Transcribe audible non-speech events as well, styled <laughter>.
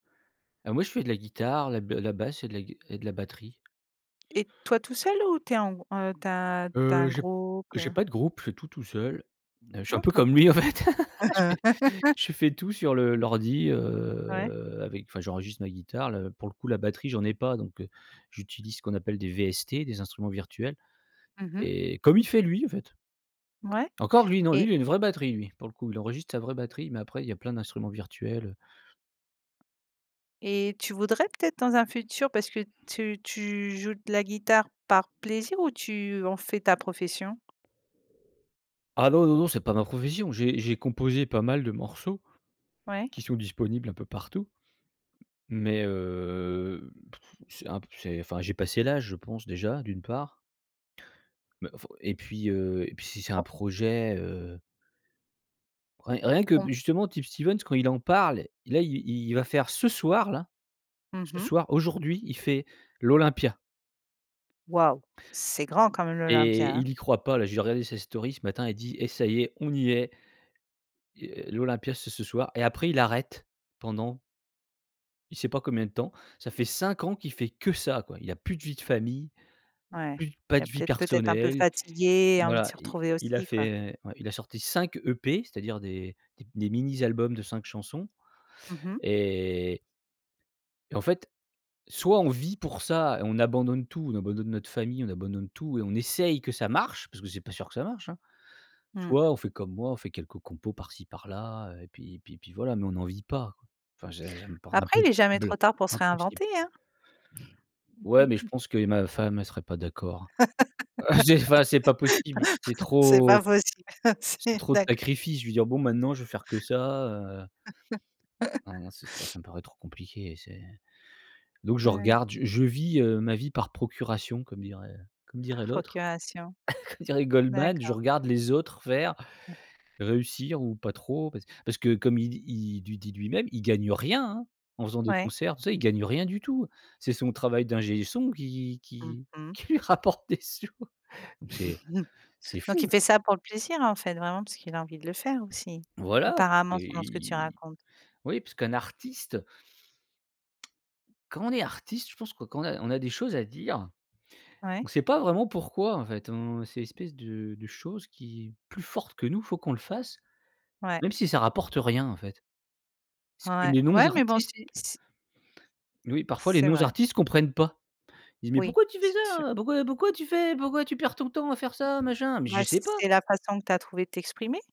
Alors moi je fais de la guitare, la ba la basse et de la gui et de la batterie. Et toi tout seul ou tu es en g heu, tu as tu as Heu, un je groupe, j'ai heu? pas de groupe, je fais tout, tout seul. Heu, je suis un peu D'accord. comme lui, en fait. <laughs> Je fais <laughs> je fais tout sur le l'ordi, Ouais? heu, avec enfin j'enregistre ma guitare le pour le coup la batterie j'en ai pas donc, heu, j'utilise ce qu'on appelle des VST, des instruments virtuels Mmh mh. et comme il fait lui, en fait. Ouais, Encore lui, non, lui, et il a une vraie batterie lui, pour le coup. Il enregistre sa vraie batterie mais après il y a plein d'instruments virtuels, heu Et tu voudrais peut-être dans un futur, parce que tu tu joues de la guitare par plaisir? Ou tu en fais ta profession? Ah non, non, non, c'est pas ma profession, j'ai j'ai composé pas mal de morceaux, Ouais? qui sont disponibles un peu partout. Mais heu, <sighs> c'est un p c'est enfin j'ai passé l'âge je pense déjà, d'une part. Mais faut et puis, heu, et puis si c'est un On projet, heu Rien rien que Mmh. justement Tip Stevens, quand il en parle, là, il il va faire ce soir, là, Mmh ce mh. soir, aujourd'hui, il fait l'Olympia. Waouh. C'est grand quand même l'Olympia, Et hein. il y croit pas là, j'ai regardé sa story ce matin elle dit: «Et ça y est, on y est». Heu, l'Olympia c'est ce soir, et après il arrête, pendant il sait pas combien de temps. Ça fait 5 ans qu'il fait que ça, quoi. Il a plus de vie de famille, Ouais, plus pas il a de vie peut-être peut-être un peu personnelle. fatigué, envie de Voilà, se il retrouver il a aussi, quoi. fait, ouais il a sorti 5 EP, c'est-à-dire des des mini albums de 5 chansons. Mmh mh. Et et en fait, soit on vit pour ça et on abandonne tout, on abandonne notre famille, on abandonne tout et on essaye que ça marche, parce que c'est pas sûr que ça marche, hein. Mmh. Soit on fait comme moi, on fait quelques compos par ci par là, heu, et puis et puis puis voilà mais on n'en vit pas. Enfin j'ai j'aime par Après il est jamais n'impossible trop tard pour se impossible. réinventer, hein. Ouais, mais, je <laughs> pense que et ma femme elle serait pas d'accord. Heu, c'est enfin c'est pas possible. C'est <laughs> C'est trop, pas possible. c'est C'est trop de d'accord. sacrifices, je vais dire: «Bon, maintenant, je vais faire que ça, heu» <laughs> Non, non, c'est trop, ça me paraît trop compliqué et c'est donc je Ouais. regarde, je je vis, heu, ma vie par procuration comme dirait comme Par dirait l'autre, procuration. <chuckles> comme dirait Goldman: «Je D'accord. regarde les autres faire, Ah. réussir, ou pas trop». Parc parce que parce que comme il dit il du dit lui-même, il gagne rien, hein. En faisant des Ouais. concerts, tu sais, il gagne rien du tout. C'est son travail d'ingé son qui Mmh qui mh. qui lui rapporte des sous. Donc c'est <chuckles> c'est Donc il fou. fait ça pour le plaisir en fait, vraiment parce qu'il a envie de le faire aussi, Voilà, apparemment, selon ce que tu il racontes. oui puisqu'un artiste quand on est artiste, je pense que quand on a on a des choses à dire, Ouais. on sait pas vraiment pourquoi, en fait. On c'est une espèce de de chose qui est plus forte que nous, faut qu'on le fasse, Ouais. même si ça rapporte rien, en fait. Ce que Ouais. les Ouais. mais bon non-artistes si s Oui, parfois les C'est vrai. non-artistes comprennent pas. Ils «Mais Oui, pourquoi tu fais c'est sûr. ça? Pourquoi pourquoi tu fais pourquoi tu perds ton temps à faire ça, machin?» «Mais je Ouais, c sais pas». c'est la façon que tu as trouvé de t'exprimer.